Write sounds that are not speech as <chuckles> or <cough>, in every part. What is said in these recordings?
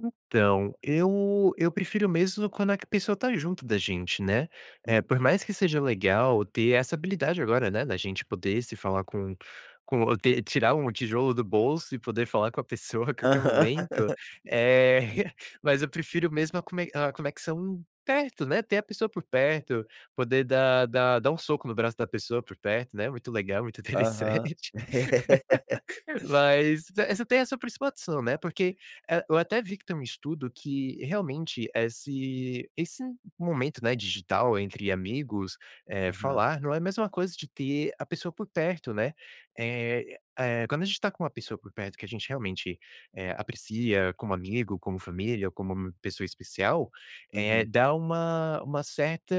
Então, eu eu prefiro mesmo, quando a pessoa, está junto da gente, né, por Uhum. mais que seja legal, ter essa habilidade agora, né, da gente poder se falar, com com ter tirar um tijolo do bolso, e poder falar com a pessoa a qualquer momento, Aham. é, <chuckles> mas eu prefiro mesmo, a cone a conexão perto, né, ter a pessoa por perto, poder dar dar dar um soco no braço da pessoa por perto, né, muito legal, muito Aham. interessante, <laughs> <laughs> mas essa, tem essa principal opção, né, porque eu até vi, que tem um estudo, que realmente esse esse momento, né, digital entre amigos, eh, Aham. falar não é mais uma coisa, de ter a pessoa por perto, né, eh, quando a gente está com uma pessoa por perto, que a gente realmente aprecia como amigo, como família, ou como pessoa especial, eh, Uhum. dá uma uma certa,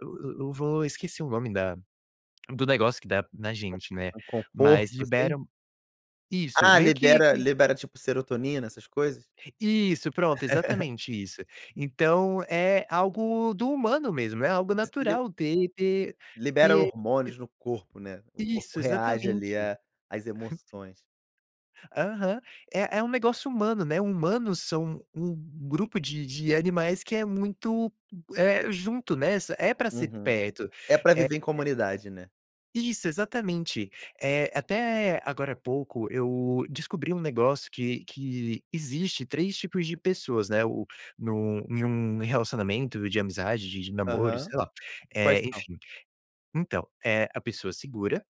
eu eu vou esqueci o nome da do negócio, que dá na gente, né, Um um mas conforto assim? libera isso Ah meio que libera que libera tipo, serotonina essas coisas? Isso pronto, <chuckles> exatamente isso, então é algo do humano mesmo, é algo <unintelligible> natural de ter Libera ter hormônios no corpo, né, o corpo Isso reage ali, exatamente. a às <chuckles> emoções. Aham, é é um negócio humano, né, humanos são um um grupo de de animais que é muito, é junto, né, é pra ser Uhum, perto é pra é, é. viver em comunidade, né? Isso, exatamente, eh, até agora pouco, eu descobri um negócio, que que existe 3 tipos de pessoas, né, o num em um relacionamento de amizade, de de namoro Aham, sei lá, e quais são? enfim, então, eh, a pessoa segura,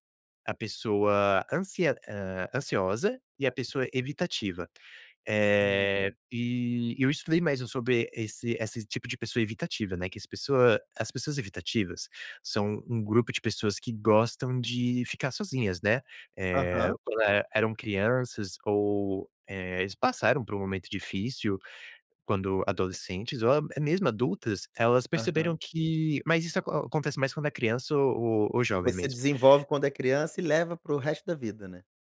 a pessoa ansi ansiosa e a pessoa evitativa, Hum. eh, e eu estudei mais, sobre esse esse tipo de pessoa evitativa, né, que as pessoas as pessoas evitativas são um grupo de pessoas, que gostam de ficar sozinhas, né, eh, Aham. quando eram crianças ou, eh, eles passaram por um momento difícil, quando adolescentes ou mesmo adultas, elas Aham. perceberam que mas isso acontece mais, quando é criança ou ou jovem Você mesmo. desenvolve quando é criança, e leva para o resto da vida, né.